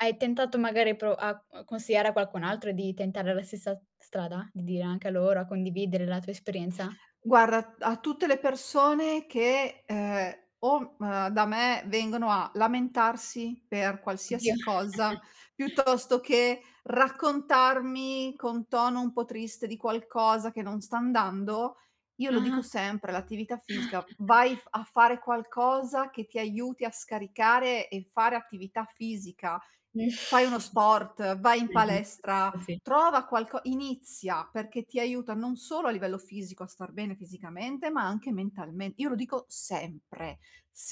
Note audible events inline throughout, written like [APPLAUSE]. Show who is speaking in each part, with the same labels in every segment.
Speaker 1: Hai tentato magari a pro a c consigliare a qualcun altro di tentare la stessa s strada? Di dire anche a loro, a condividere la tua esperienza?
Speaker 2: Guarda. A t a tutte le persone che ehm o mh da me vengono a lamentarsi per
Speaker 1: Oddio
Speaker 2: qualsiasi cosa
Speaker 1: [CHUCKLES]
Speaker 2: piuttosto che raccontarmi con tono un po' triste di qualcosa che non sta andando, io lo dico
Speaker 1: Ah-ah.
Speaker 2: sempre, l'attività fisica, vai
Speaker 1: [CHUCKLES]
Speaker 2: f a fare qualcosa che ti aiuti a scaricare e fare attività fisica. Fai uno
Speaker 1: [CHUCKLES]
Speaker 2: sport, vai in
Speaker 1: [UNINTELLIGIBLE]
Speaker 2: palestra,
Speaker 1: Sì.
Speaker 2: trova qualco inizia perché ti aiuta non solo a livello fisico a star bene fisicamente, ma anche mentalme io lo dico sempre,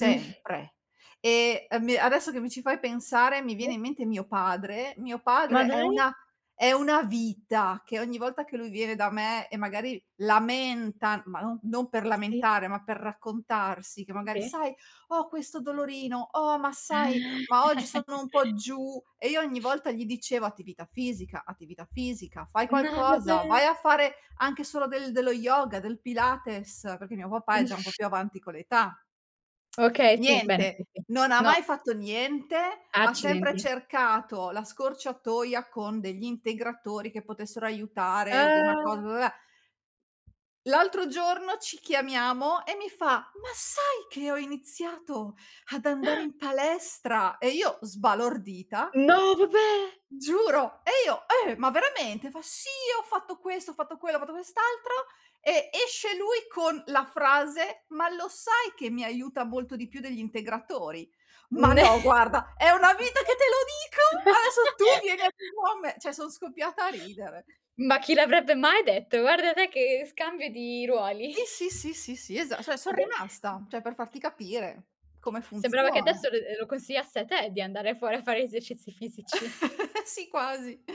Speaker 1: Mhmm. [EXHALES]
Speaker 2: E a mi adesso che mi ci fai pensare mi viene in mente mio padre. Mio
Speaker 1: Ma
Speaker 2: padre è
Speaker 1: dai?
Speaker 2: una è una vita che ogni volta che lui viene da me e magari lamenta, ma non non per
Speaker 1: Si.
Speaker 2: lamentare, ma per raccontarsi che magari:
Speaker 1: Si.
Speaker 2: "Sai ho questo dolorino, oh ma sai, ma
Speaker 1: [INHALES]
Speaker 2: oggi sono un po'
Speaker 1: [LAUGHS]
Speaker 2: giù" e io ogni volta gli dicevo: "Attività fisica, attività fisica, fai
Speaker 1: No
Speaker 2: qualcosa, vai
Speaker 1: vabbè!
Speaker 2: a fare anche solo del dello yoga, del pilates", perché mio papà è già un po' più avanti con l'età.
Speaker 1: Okay sì, bene.
Speaker 2: Niente, non ha
Speaker 1: No.
Speaker 2: mai fatto niente, ha sempre
Speaker 1: Accidenti.
Speaker 2: cercato la scorciatoia con degli integratori che potessero aiutare una
Speaker 1: Ah.
Speaker 2: cosa. L'altro giorno ci chiamiamo e mi fa: "Ma sai che ho iniziato ad andare
Speaker 1: [INHALES]
Speaker 2: in palestra?" E io sbalordita.
Speaker 1: No vabbè!
Speaker 2: Giuro! E io: "Eh! Ma veramente?" Fa: "Sì, ho fatto questo, ho fatto quello, ho fatto quest'altro". E esce lui con la frase: "Ma lo sai che mi aiuta molto di più degli integratori?" Ma no guarda, è una vita che te lo dico! Adesso tu vieni a
Speaker 1: [LAUGHS]
Speaker 2: dirlo a me, cioè sono scoppiata a ridere.
Speaker 1: Ma chi l'avrebbe mai detto? Guarda te che scambio di ruoli.
Speaker 2: Sì, sì, sì, sì, sì, esa cioè son
Speaker 1: Adess
Speaker 2: rimasta, cioè per farti capire come
Speaker 1: Sembrava che
Speaker 2: funziona.
Speaker 1: adesso lo lo lo consigliasse a te di andare fuori a fare esercizi fisici.
Speaker 2: [LAUGHS] Sì quasi.